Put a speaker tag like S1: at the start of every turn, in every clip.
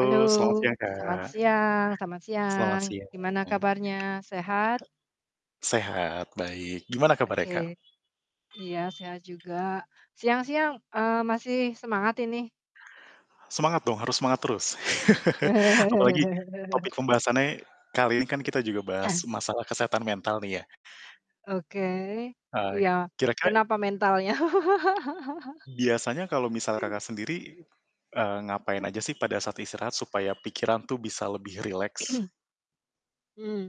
S1: Halo.
S2: selamat siang
S1: Selamat
S2: Kak.
S1: siang selamat
S2: Selamat
S1: siang.
S2: siang.
S1: Gimana kabarnya, sehat?
S2: Sehat, baik. Gimana kabar
S1: Oke,
S2: Kak?
S1: iya sehat juga. Siang-siang, eee, masih semangat ini?
S2: Semangat dong, harus semangat terus. Apalagi topik pembahasannya, kali ini kan kita juga bahas masalah kesehatan mental nih ya.
S1: Oke.
S2: Eee,
S1: Iya.
S2: kira-kira
S1: Kenapa mentalnya?
S2: biasanya kalau misal Kakak sendiri, eee, ngapain aja sih pada saat istirahat supaya pikiran tuh bisa lebih rileks?
S1: Mmm.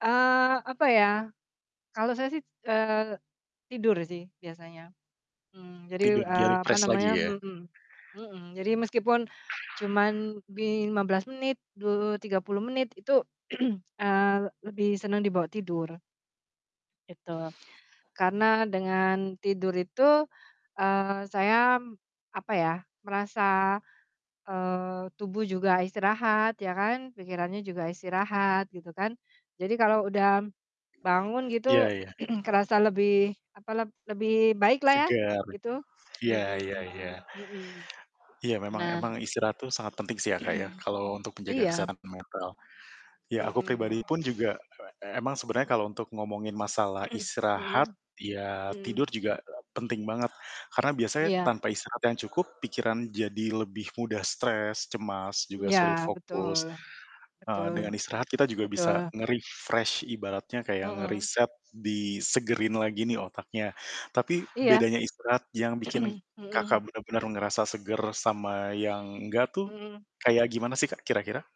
S1: Eee, apa ya. Kalau saya sih, eee, tidur sih biasanya. Mmm, jadi,
S2: Tidur biar
S1: eee, apa
S2: refresh lagi
S1: namanya
S2: ya.
S1: mhm, mhm. Jadi meskipun cuman di 15 menit, du tiga puluh menit, itu, eee, lebih seneng dibawa tidur. Itu. Karena dengan tidur itu, eee, saya m apa ya, merasa, eee, tubuh juga istirahat ya kan, pikirannya juga istirahat, gitu kan. Jadi kalau udah bangun gitu
S2: Iya iya.
S1: kerasa lebih apalah, lebih baik lah ya,
S2: Seger.
S1: gitu.
S2: Iya
S1: Mhm
S2: iya iya.
S1: mhm mhm.
S2: Iya memang
S1: Nah.
S2: memang istirahat itu sangat penting sih ya Kak ya, kalau untuk menjaga
S1: Iya.
S2: kesehatan mental. Ya aku
S1: Mhm.
S2: pribadi pun juga, e emang sebenernya kalau untuk ngomongin masalah istirahat
S1: Mhm,
S2: ya
S1: mhm.
S2: tidur juga, penting banget. Karena biasanya
S1: Iya.
S2: tanpa istirahat yang cukup, pikiran jadi lebih mudah stres, cemas, juga
S1: Iya,
S2: sulit
S1: betul,
S2: fokus. Eee,
S1: betul,
S2: dengan istirahat kita juga
S1: betul.
S2: bisa nge-refresh ibaratnya kayak
S1: Mhm.
S2: ngeriset, disegerin lagi nih otaknya. Tapi,
S1: Iya,
S2: bedanya istirahat yang bikin
S1: mhm.
S2: Kakak bener-bener ngerasa seger sama yang nggak tuh,
S1: Mhm.
S2: kayak gimana sih Kak kira-kira?